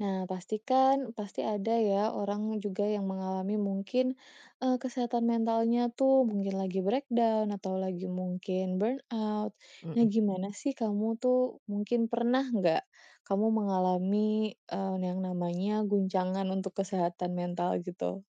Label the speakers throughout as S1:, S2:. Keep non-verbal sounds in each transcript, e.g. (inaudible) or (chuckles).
S1: Nah, pastikan, pasti ada ya orang juga yang mengalami mungkin, eee, kesehatan mentalnya tuh, mungkin lagi break down, atau lagi mungkin burnout. Nah,
S2: Mhm.
S1: gimana sih kamu tuh mungkin pernah enggak, kamu mengalami, eee, yang namanya guncangan untuk kesehatan mental gitu?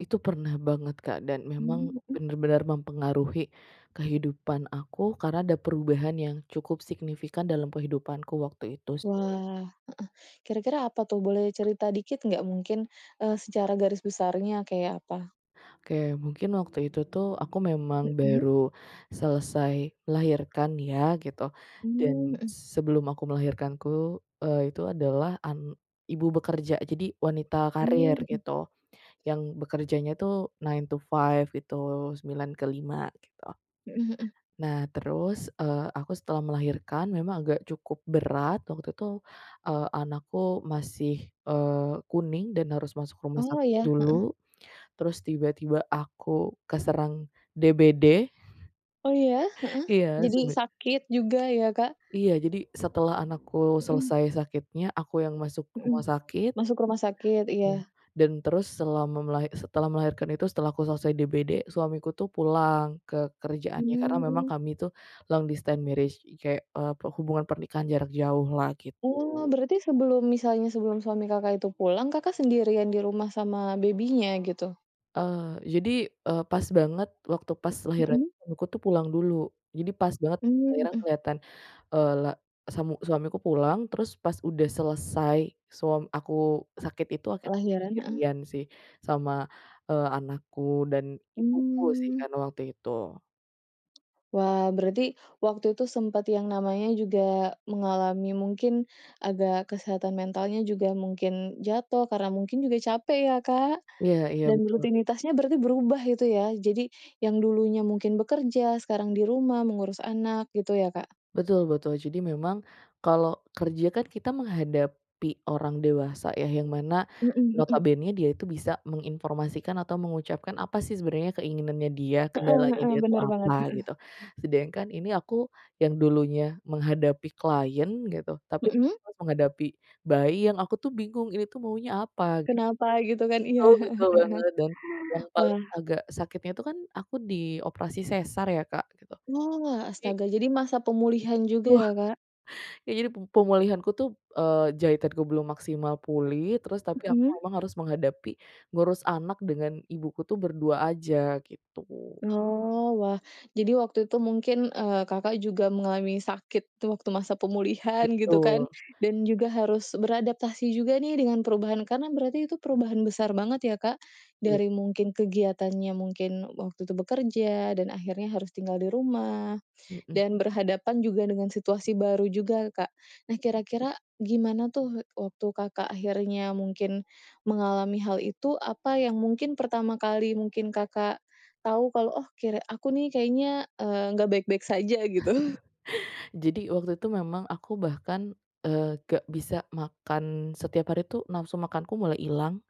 S2: Itu pernah banget, Kak, dan memang
S1: Mmm, mhm.
S2: benar-benar mempengaruhi kehidupan aku karena ada perubahan yang cukup signifikan dalam kehidupanku waktu itu
S1: Wah,
S2: sih.
S1: heeh. Kira-kira apa tuh? Boleh cerita dikit enggak? Mungkin, eee, secara garis besarnya kayak apa?
S2: Oke. Mungkin waktu itu tuh, aku memang
S1: Mhm.
S2: baru selesai lahirkan ya, gitu, dan
S1: Mmm, mhm.
S2: sebelum aku melahirkan ku eee, itu adalah an ibu bekerja. Jadi wanita karir
S1: Mmm, mhm.
S2: gitu, yang bekerjanya tuh nine to five gitu 9 ke 5, gitu.
S1: Mhm mhm.
S2: Nah, terus, eee, aku setelah melahirkan memang agak cukup berat. Waktu itu, eee, anakku masih, eee, kuning dan harus masuk rumah
S1: Oh,
S2: sakit
S1: iya, heeh.
S2: dulu, terus tiba-tiba aku keserang DBD.
S1: Oh, iya? Heeh.
S2: Iya,
S1: Jadi
S2: sebe
S1: sakit juga ya, Kak.
S2: Iya, jadi, setelah anakku
S1: Mhm.
S2: selesai sakitnya, aku yang masuk rumah
S1: Mhm.
S2: sakit.
S1: Masuk ke rumah sakit, iya.
S2: Dan terus selama melahi setelah melahirkan itu, setelah aku selesai DBD, suamiku tuh pulang ke kerjaannya karena memang
S1: Mmm.
S2: kami itu long distance marriage, kek, eee, perhubungan pernikahan jarak jauh lah, gitu.
S1: Oh, berarti sebelum misalnya sebelum suami Kakak itu pulang, Kakak sendirian di rumah sama baby-nya, gitu?
S2: Eee, jadi, eee, pas banget waktu pas lahiran
S1: Mhm.
S2: suamiku tuh pulang dulu. Jadi pas banget
S1: Mmm,
S2: lahiran
S1: mhm.
S2: keliatan, eee, le samu suamiku pulang terus pas udah selesai, suam aku sakit itu, akhirnya
S1: Oh, ya, heeh.
S2: sendirian sih sama, eee, anakku dan ibuku sih
S1: Mmm.
S2: kan waktu itu.
S1: Wah, berarti waktu itu sempat yang namanya juga mengalami mungkin agak kesehatan mentalnya juga mungkin jatuh karena mungkin juga capek ya, Kak?
S2: Iya iya,
S1: Dan
S2: betul.
S1: rutinitasnya berarti berubah itu ya? Jadi yang dulunya mungkin bekerja, sekarang di rumah mengurus anak gitu ya, Kak?
S2: Betul betul. Jadi memang kalau kerja kan kita menghadapi orang dewasa ya, yang mana
S1: Mhm mhm.
S2: notabenenya dia itu bisa menginformasikan atau mengucapkan apa sih sebenarnya keinginannya dia,
S1: Heeh
S2: kendalanya
S1: heeh,
S2: dia itu
S1: bener
S2: apa,
S1: banget,
S2: gitu,
S1: mhm.
S2: sedangkan ini aku yang dulunya menghadapi klien gitu, tapi
S1: Mhm.
S2: aku harus menghadapi bayi yang aku tuh bingung, ini tuh maunya apa.
S1: Kenapa gitu kan? Iya,
S2: Betul,
S1: heeh heeh
S2: betul banget. Dan yang
S1: heeh.
S2: paling
S1: Wah.
S2: agak sakitnya itu kan, aku di operasi sesar ya, Kak, gitu,
S1: Wah,
S2: tapi
S1: astaga jadi masa pemulihan juga ya,
S2: (unintelligible)
S1: Kak?
S2: ya jadi pe pemulihanku tuh, eee, jahitanku belum maksimal pulih, terus tapi aku
S1: Mhm.
S2: memang harus menghadapi ngurus anak dengan ibuku tuh berdua aja, gitu.
S1: Oh, wah. Jadi waktu itu mungkin, eee, Kakak juga mengalami sakit tuh waktu masa pemulihan gitu kan,
S2: Betul.
S1: dan juga harus beradaptasi juga nih dengan perubahan karena berarti itu perubahan besar banget ya, Kak?
S2: Iya.
S1: Dari mungkin kegiatannya mungkin waktu itu bekerja dan akhirnya harus tinggal di rumah,
S2: Mhm.
S1: dan berhadapan juga dengan situasi baru juga, Kak. Nah, kira-kira gimana tuh, waktu Kakak akhirnya mungkin mengalami hal itu, apa yang mungkin pertama kali mungkin Kakak tahu kalau, oh, kira aku nih kayaknya, eee, enggak baik-baik saja gitu?
S2: Jadi waktu itu memang aku bahkan, eee, gak bisa makan. Setiap hari itu nafsu makanku mulai hilang,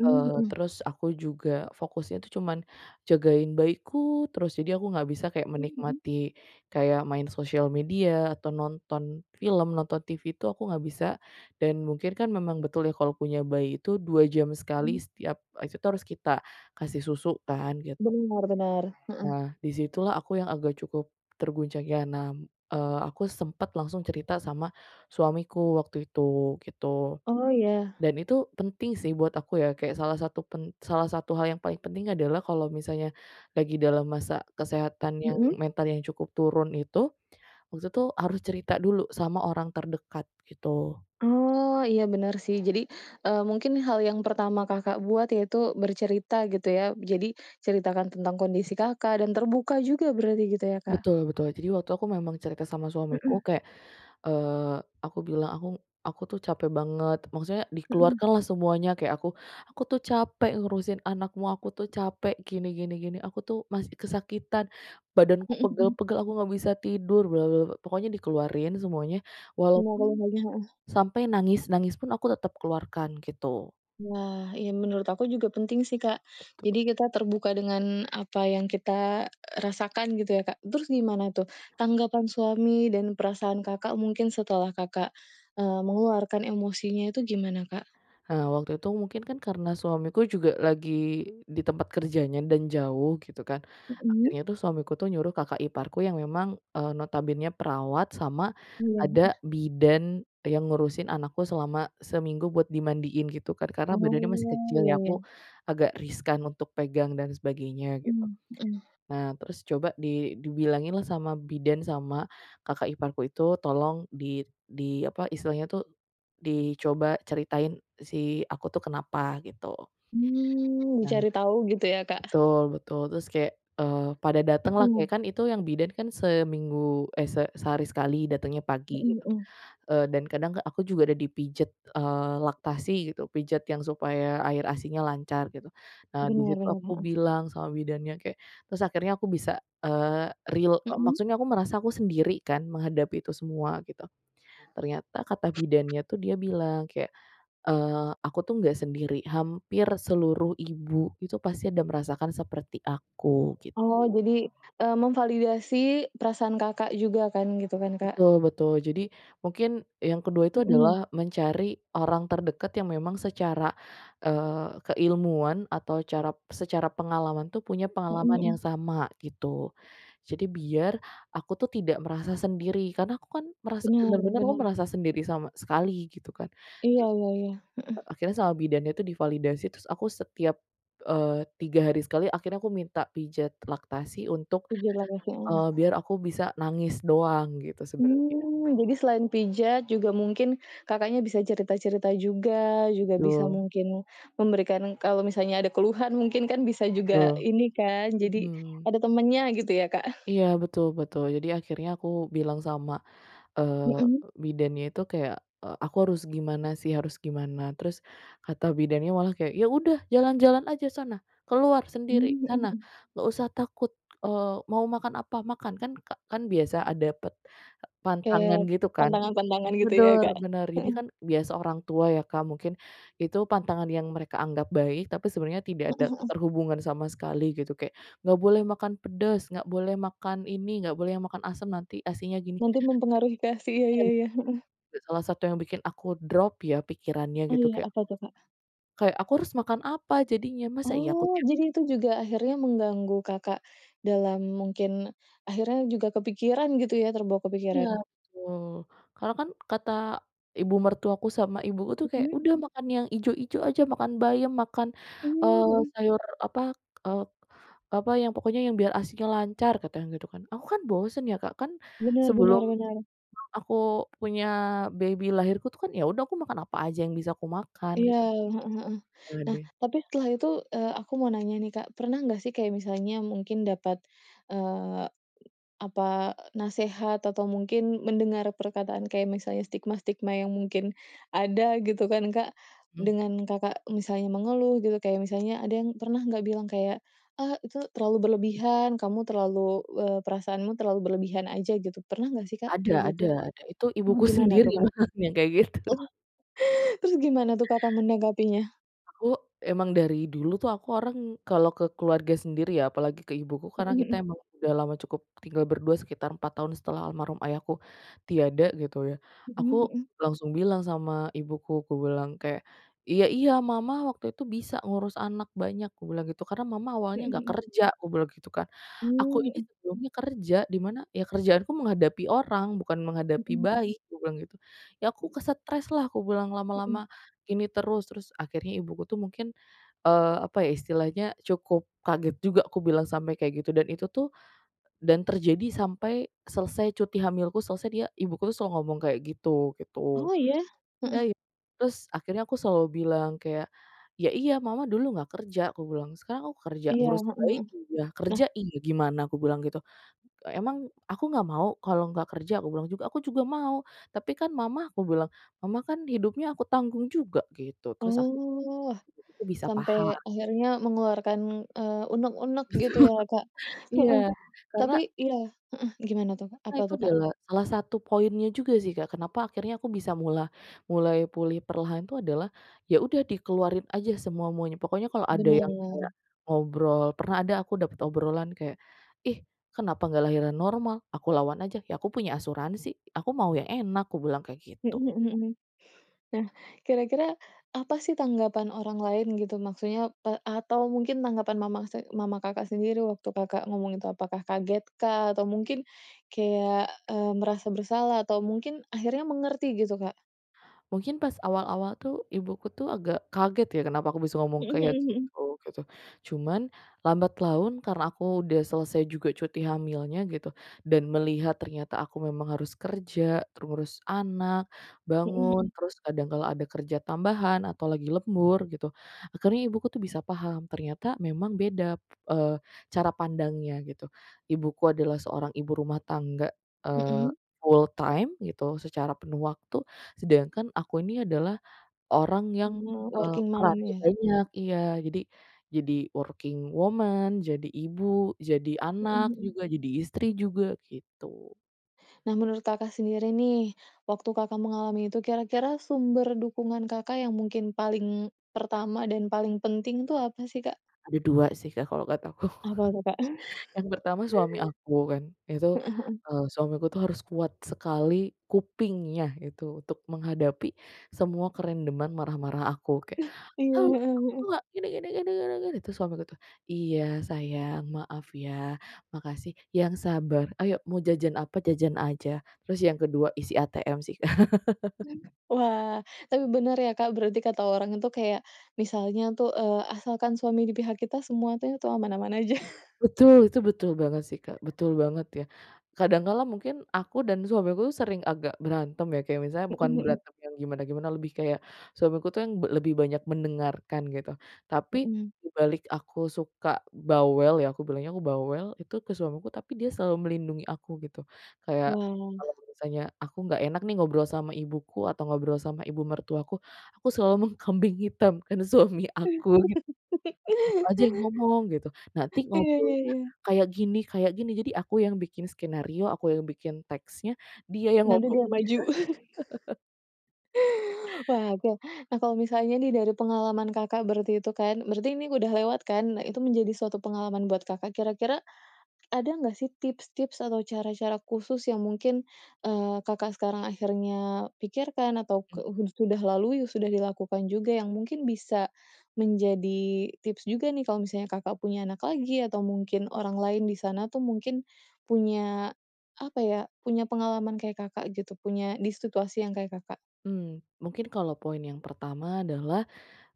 S1: Mmm,
S2: eee,
S1: mhm.
S2: terus aku juga fokusnya itu cuman jagain bayiku terus. Jadi aku enggak bisa kayak
S1: Mmm, mhm.
S2: menikmati, kayak main sosial media atau nonton film, nonton TV, itu aku enggak bisa, dan mungkin kan memang betul ya kalau punya bayi itu 2 jam sekali
S1: Mmm.
S2: setiap, eee, itu tuh harus kita kasih susu kan, gitu.
S1: Benar benar, mhm.
S2: Nah, di situlah aku yang agak cukup terguncangnya, nah, eee, aku sempat langsung cerita sama suamiku waktu itu, gitu.
S1: Oh, iya.
S2: Dan itu penting sih buat aku ya, kayak salah satu pen salah satu hal yang paling penting adalah kalau misalnya lagi dalam masa kesehatan yang
S1: Mhm.
S2: mentalnya yang cukup turun itu, waktu itu harus cerita dulu sama orang terdekat, gitu.
S1: Oh, iya, bener, sih. Jadi, eee, mungkin hal yang pertama Kakak buat, yaitu bercerita gitu ya? Jadi ceritakan tentang kondisi Kakak dan terbuka juga berarti gitu, ya, Kak?
S2: Betul betul. Jadi waktu aku memang cerita sama suamiku,
S1: Mhm.
S2: kayak, eee, aku bilang, "Aku aku tuh capek banget," maksudnya
S1: Mhm.
S2: dikeluarkanlah semuanya, kayak aku, "Aku tuh capek ngurusin anakmu, aku tuh capek gini gini gini, aku tuh masih kesakitan, badanku
S1: Mhm.
S2: pegal-pegal, aku enggak bisa tidur bla bla bla," pokoknya dikeluarin semuanya
S1: Enggak
S2: walaupun,
S1: ada yang lagi heeh.
S2: sampai nangis-nangis pun aku tetap keluarkan, gitu.
S1: Nah, iya menurut aku juga penting sih, Kak.
S2: Betul.
S1: Jadi kita terbuka dengan apa yang kita r rasakan gitu ya, Kak. Terus gimana tuh, tanggapan suami dan perasaan Kakak mungkin setelah Kakak, eee, mengeluarkan emosinya itu gimana Kak?
S2: Eee, waktu itu mungkin kan karena suamiku juga lagi di tempat kerjanya dan jauh gitu kan.
S1: Hmm.
S2: Akhirnya tuh suamiku tuh nyuruh kakak iparku yang memang, eee, notabenenya perawat sama
S1: Iya, mhm.
S2: ada bidan yang ngurusin anakku selama seminggu buat dimandiin gitu kan, karena badannya masih
S1: Oh,
S2: kecil
S1: ya
S2: ya, aku
S1: ya.
S2: agak riskan untuk pegang dan sebagainya gitu.
S1: Hmm, mhm.
S2: Nah terus coba di dibilangin lah sama bidan sama kakak iparku itu tolong di di apa istilahnya tuh dicoba ceritain si aku tuh kenapa gitu.
S1: Hmm,
S2: Nah
S1: dicari tau gitu ya Kak?
S2: betul betul, terus kayak, eee, pada datanglah
S1: Hmm.
S2: kayak kan itu yang bidan kan seminggu eh se sehari sekali datangnya pagi
S1: Hmm
S2: gitu.
S1: hmm.
S2: Eee, dan kadang aku juga udah dipijat, eee, laktasi gitu, pijat yang supaya air asinya lancar gitu. Nah, di
S1: Bener
S2: situ
S1: bener,
S2: aku
S1: heeh.
S2: bilang sama bidannya, kayak terus akhirnya aku bisa, eee, real, eee,
S1: Hmm.
S2: maksudnya aku merasa aku sendiri kan menghadapi itu semua gitu. Ternyata kata bidannya tuh dia bilang kayak, eee, aku tuh nggak sendiri, hampir seluruh ibu itu pasti ada merasakan seperti aku gitu.
S1: Oh jadi, eee, memvalidasi perasaan Kakak juga kan, gitu kan Kak?
S2: Betul betul. Jadi mungkin yang ke-2 itu
S1: Hmm.
S2: adalah mencari orang terdekat yang memang secara, eee, keilmuan atau cara secara pengalaman tuh punya
S1: Hmm
S2: pengalaman
S1: hmm.
S2: yang sama, gitu. Jadi biar aku tuh tidak merasa sendiri karena aku kan merasa
S1: Bener
S2: bener-bener aku
S1: bener.
S2: merasa sendiri sama sekali gitu kan.
S1: Iya iya iya, heeh.
S2: Akhirnya sama bidannya itu divalidasi terus aku setiap, eee, 3 hari sekali akhirnya aku minta pijat laktasi untuk,
S1: Pijat laktasi, mmm.
S2: eee, biar aku bisa nangis doang gitu sebenernya.
S1: Mmm, jadi selain pijat juga mungkin Kakaknya bisa cerita-cerita juga, juga bisa
S2: Betul.
S1: mungkin memberikan kalau misalnya ada keluhan mungkin kan bisa juga
S2: Betul.
S1: ini kan. Jadi
S2: Mhm.
S1: ada temennya gitu ya Kak?
S2: Iya, betul betul. Jadi, akhirnya aku bilang sama, eee,
S1: Hmm.
S2: bidannya itu kayak, eee, "Aku harus gimana sih? Harus gimana?" Terus kata bidannya malah kayak, "Ya udah jalan-jalan aja sana, keluar sendiri
S1: Hmm, mhm
S2: sana,
S1: mhm.
S2: nggak usah takut, eee, mau makan apa, makan." kan ka kan biasa a dapet pantangan
S1: Kayak
S2: gitu kan.
S1: pantangan-pantangan gitu ya
S2: Bener
S1: Kak,
S2: bener, jadi
S1: hmm.
S2: kan biasa orang tua ya Kak mungkin itu pantangan yang mereka anggap baik, tapi sebenarnya tidak ada
S1: Hmm hmm.
S2: keterhubungan sama sekali gitu kayak, nggak boleh makan pedes, nggak boleh makan ini, nggak boleh makan asam, nanti asinya gini.
S1: Nanti mempengaruhi ke asi ya iya
S2: (unintelligible)
S1: iya, heeh.
S2: Salah satu yang bikin aku drop ya pikirannya
S1: Oh
S2: gitu
S1: ya,
S2: kayak
S1: apa tuh Kak?
S2: kayak aku harus makan apa jadinya? Masa iya aku
S1: Oh,
S2: tiap
S1: jadi itu juga akhirnya mengganggu Kakak dalam mungkin akhirnya juga kepikiran gitu ya terbawa
S2: Iya,
S1: kepikiran?
S2: betul. Karena kan kata ibu mertuaku sama ibuku itu kayak,
S1: Hmm.
S2: udah makan yang ijo-ijo aja, makan bayam, makan,
S1: Mmm,
S2: eee,
S1: mhm.
S2: sayur apa, eee, apa yang pokoknya yang biar asinya lancar, katanya gitu kan. Aku kan bosan ya Kak, kan
S1: Bener
S2: sebelum
S1: bener bener.
S2: (unintelligible) aku punya baby lahirku tuh kan ya udah aku makan apa aja yang bisa aku makan
S1: Iya,
S2: gitu.
S1: heeh heeh. Nah,
S2: Hadeh.
S1: tapi setelah itu, eee, aku mau nanya nih Kak, pernah nggak sih kayak misalnya mungkin dapat, eee, apa nasehat atau mungkin mendengar perkataan kayak misalnya stigma-stigma yang mungkin ada gitu kan Kak,
S2: Mmm.
S1: dengan Kakak misalnya mengeluh gitu kayak misalnya ada yang pernah nggak bilang kayak, "Ah itu terlalu berlebihan, kamu terlalu eee, perasaanmu terlalu berlebihan aja." gitu. Pernah nggak sih Kak kayak
S2: Ada
S1: gitu?
S2: ada ada, itu
S1: Oh
S2: ibuku
S1: gimana
S2: sendiri
S1: tuh Kak?
S2: makanya kayak gitu.
S1: Oh terus gimana tuh Kakak menanggapinya?
S2: Aku emang dari dulu tuh, aku orang kalau ke keluarga sendiri ya, apalagi ke ibuku karena
S1: Mhm mhm.
S2: kita emang udah lama cukup tinggal berdua sekitar 4 tahun setelah almarhum ayahku tiada gitu ya.
S1: Mhm
S2: Aku
S1: mhm.
S2: langsung bilang sama ibuku kubilang kayak, "Iya iya Mama waktu itu bisa ngurus anak banyak," kubilang gitu, "karena Mama awalnya
S1: Mhm
S2: nggak
S1: mhm.
S2: kerja," kubilang gitu kan, "aku
S1: Mmm,
S2: ini
S1: mhm.
S2: sebelumnya kerja di mana ya kerjaanku menghadapi orang bukan
S1: Mhm
S2: menghadapi
S1: mhm.
S2: bayi," aku bilang gitu, "ya aku ke stres lah," aku bilang,
S1: Mhm.
S2: "lama-lama ini terus." Terus akhirnya ibuku tuh mungkin, eee, apa ya istilahnya cukup kaget juga aku bilang sampai kayak gitu dan itu tuh dan terjadi sampai selesai cuti hamilku selesai, dia, ibuku selalu ngomong kayak gitu, gitu.
S1: Oh iya?
S2: Dah
S1: Heeh.
S2: i terus akhirnya aku selalu bilang kayak, "Ya iya Mama dulu nggak kerja," aku bilang, "sekarang aku kerja
S1: Iya,
S2: ngurus bayi
S1: hmm.
S2: iya,
S1: Nah
S2: kerja iya, gimana?" aku bilang gitu, "Emang aku nggak mau kalau nggak kerja?" aku bilang juga, "Aku juga mau. Tapi kan Mama," aku bilang, "Mama kan hidupnya aku tanggung juga." gitu. Terus
S1: Oh
S2: (unintelligible) bisa
S1: sampai
S2: paham.
S1: akhirnya mengeluarkan, eee, unek-unek
S2: Betul,
S1: gitu ya Kak.
S2: iya
S1: Heeh,
S2: karena
S1: tapi iya heeh, gimana tuh Kak?
S2: Karena
S1: Apa
S2: itu
S1: tuh Kak?
S2: adalah salah satu poinnya juga sih Kak. Kenapa akhirnya aku bisa mula mulai pulih perlahan itu adalah ya udah dikeluarin aja semua-muanya. Pokoknya kalau ada yang kayak
S1: Bener.
S2: ngobrol pernah ada aku dapat obrolan kayak, "Ih kenapa nggak lahiran normal?" Aku lawan aja, "Ya aku punya asuransi. Aku mau yang enak." aku bilang kayak gitu.
S1: Hmm hmm hmm. Nah, kira-kira apa sih tanggapan orang lain gitu maksudnya, eee, atau mungkin tanggapan mama se mama Kakak sendiri waktu Kakak ngomong itu apakah kaget kah? Atau mungkin kayak, eee, merasa bersalah atau mungkin akhirnya mengerti gitu Kak?
S2: Mungkin pas awal-awal tuh ibuku tuh agak kaget ya kenapa aku bisa ngomong
S1: Hmm
S2: kayak
S1: hmm hmm.
S2: gitu, gitu. Cuman lambat laun karena aku udah selesai juga cuti hamilnya gitu, dan melihat ternyata aku memang harus kerja, ngurus anak,
S1: Hmm
S2: bangun,
S1: hmm.
S2: terus kadang kala ada kerja tambahan atau lagi lembur gitu, akhirnya ibuku tuh bisa paham ternyata memang beda, eee, cara pandangnya gitu. Ibuku adalah seorang ibu rumah tangga, eee,
S1: Hmm.
S2: full time gitu secara penuh waktu, sedangkan aku ini adalah orang yang,
S1: Oh,
S2: eee,
S1: working mom
S2: perannya
S1: ya?
S2: banyak. Iya, jadi jadi working woman, jadi ibu, jadi
S1: Hmm
S2: anak
S1: hmm.
S2: juga, jadi istri juga gitu.
S1: Nah, menurut Kakak sendiri nih, waktu Kakak mengalami itu kira-kira sumber dukungan Kakak yang mungkin paling pertama dan paling penting tu apa sih Kak?
S2: Ada 2 sih Kak kalau kata aku,
S1: Apa tuh Kak?
S2: yang pertama suami aku kan itu,
S1: Heeh, hmm.
S2: eee, suamiku itu harus kuat sekali kupingnya itu untuk menghadapi semua kerandoman marah-marah aku kayak,
S1: (chuckles) Iya,
S2: "Ah
S1: heeh
S2: aku tuh
S1: heeh.
S2: nggak gini gini gini gini gini." terus suamiku tuh, "Iya sayang maaf ya, makasih, yang sabar ayo mau jajan apa, jajan aja." Terus yang ke-2 isi ATM sih. (chuckles)
S1: Wah, tapi benar ya Kak berarti kata orang itu kayak misalnya tuh, eee, asalkan suami di pihak kita semua tuh, itu aman-aman aja. (chuckles)
S2: Betul, itu betul banget sih Kak. Betul banget ya, kadang kala mungkin aku dan suamiku sering agak berantem ya kayak misalnya bukan
S1: Hmm hmm.
S2: berantem yang gimana-gimana lebih kayak suamiku tuh yang lebih banyak mendengarkan gitu. Tapi
S1: Hmm.
S2: dibalik aku suka bawel ya, aku bilangnya aku bawel itu ke suamiku, tapi dia selalu melindungi aku gitu. Kayak kalau
S1: Wah.
S2: misalnya aku nggak enak nih ngobrol sama ibuku atau ngobrol sama ibu mertuaku. Aku selalu mengkambing hitamkan suami aku gitu,
S1: (laughs)
S2: "Kamu aja yang ngomong gitu. Nanti
S1: Iya iya
S2: ngobrolnya
S1: iya.
S2: kayak gini kayak gini." jadi aku yang bikin skenario, aku yang bikin teksnya, dia yang
S1: Nanti
S2: ngomong.
S1: dia maju. (chuckles)
S2: (chuckles)
S1: Waduh, nah kalau misalnya nih dari pengalaman Kakak berarti itu kan berarti ini udah lewat kan? Nah itu menjadi suatu pengalaman buat Kakak. Kira-kira ada nggak sih tips-tips atau cara-cara khusus yang mungkin, eee, Kakak sekarang akhirnya pikirkan atau ke
S2: Mmm.
S1: hu sudah lalui sudah dilakukan juga yang mungkin bisa menjadi tips juga nih kalau misalnya Kakak punya anak lagi, atau mungkin orang lain di sana tuh mungkin punya apa ya, punya pengalaman kayak Kakak gitu, punya di situasi yang kayak Kakak?
S2: Hmm, mungkin kalau poin yang pertama adalah,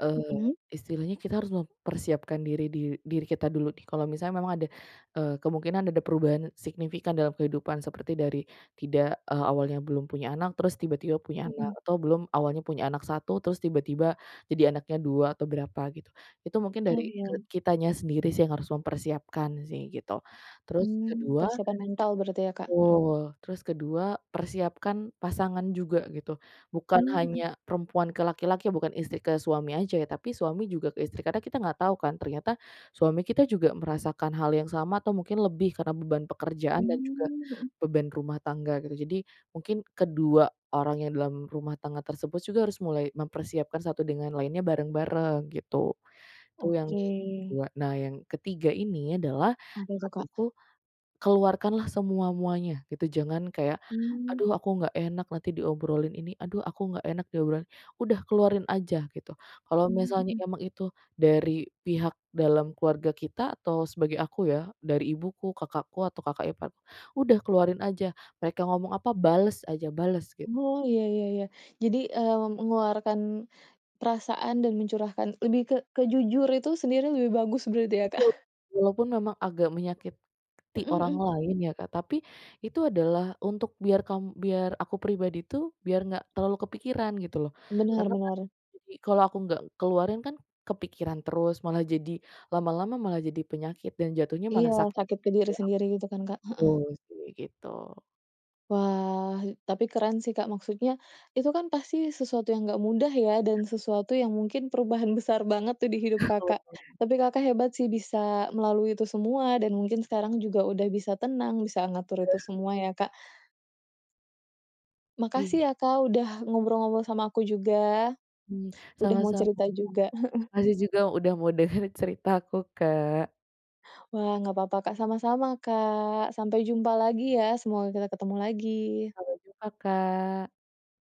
S2: eee,
S1: Hmm.
S2: istilahnya kita harus mempersiapkan diri dir diri kita dulu nih kalau misalnya memang ada, eee, kemungkinan ada perubahan signifikan dalam kehidupan seperti dari tidak, eee, awalnya belum punya anak terus tiba-tiba punya anak,
S1: Hmm.
S2: atau belum, awalnya punya anak 1, terus tiba-tiba jadi anaknya 2 atau berapa gitu. Itu mungkin
S1: Oh
S2: dari,
S1: iya.
S2: eee, kitanya sendiri sih yang harus mempersiapkan sih gitu. Terus
S1: Hmm,
S2: ke-2
S1: persiapan mental berarti ya Kak? Hmm.
S2: betul. Terus ke-2, persiapkan pasangan juga gitu. Bukan
S1: Mmm, mhm.
S2: hanya perempuan ke laki-laki, bukan istri ke suami aja ya, tapi suami juga ke istri. Karena kita nggak tahu kan, ternyata suami kita juga merasakan hal yang sama atau mungkin lebih karena beban pekerjaan dan juga
S1: Mmm, mhm.
S2: beban rumah tangga gitu. Jadi mungkin kedua orang yang dalam rumah tangga tersebut juga harus mulai mempersiapkan satu dengan lainnya bareng-bareng gitu, itu yang
S1: Oke.
S2: ke-2. Nah yang ke-3 ini adalah
S1: Apa itu Kak?
S2: kataku, keluarkanlah semua-muanya gitu jangan kayak,
S1: Hmm.
S2: "Aduh aku nggak enak nanti diobrolin ini, aduh aku nggak enak diobrolin." udah keluarin aja gitu, kalau
S1: Mmm,
S2: misalnya
S1: mhm.
S2: emang itu dari pihak dalam keluarga kita, atau sebagai aku ya, dari ibuku, kakakku, atau kakak ipar, udah keluarin aja mereka ngomong apa bales aja, bales git
S1: Oh iya iya iya, jadi, eee, mengeluarkan perasaan dan mencurahkan, lebih ke ke jujur itu sendiri lebih bagus gitu ya Kak?
S2: Betul. Walaupun memang agak menyakiti
S1: Hmm
S2: orang
S1: hmm.
S2: lain ya Kak, tapi itu adalah untuk biar kam biar aku pribadi tuh, biar enggak terlalu kepikiran gitu loh.
S1: Bener
S2: Karena kan
S1: bener.
S2: jadi kalau aku enggak keluarin kan kepikiran terus, malah jadi lama-lama malah jadi penyakit dan jatuhnya malah
S1: Iya,
S2: sakit
S1: takut ke diri sendiri gitu kan Kak?
S2: (unintelligible) gitu
S1: Heeh.
S2: sih, gitu.
S1: Wah e tapi keren sih Kak. Maksudnya itu kan pasti sesuatu yang enggak mudah ya dan sesuatu yang mungkin perubahan besar banget tuh di hidup
S2: (chuckles)
S1: Kakak.
S2: Oh.
S1: Tapi Kakak hebat sih bisa melalui itu semua dan mungkin sekarang juga udah bisa tenang bisa ngatur itu
S2: (chuckles)
S1: semua ya Kak. Makasih
S2: Iya.
S1: ya Kak udah ngobrol-ngobrol sama aku juga.
S2: Hmm,
S1: Udah mau
S2: sama-sama
S1: cerita
S2: Kak.
S1: juga, heeh.
S2: (unintelligible) Makasih juga udah mau denger ceritaku Kak.
S1: Wah gak papa Kak. Sama-sama Kak. Sampai jumpa lagi ya, semoga kita ketemu lagi.
S2: Sampai jumpa Kak.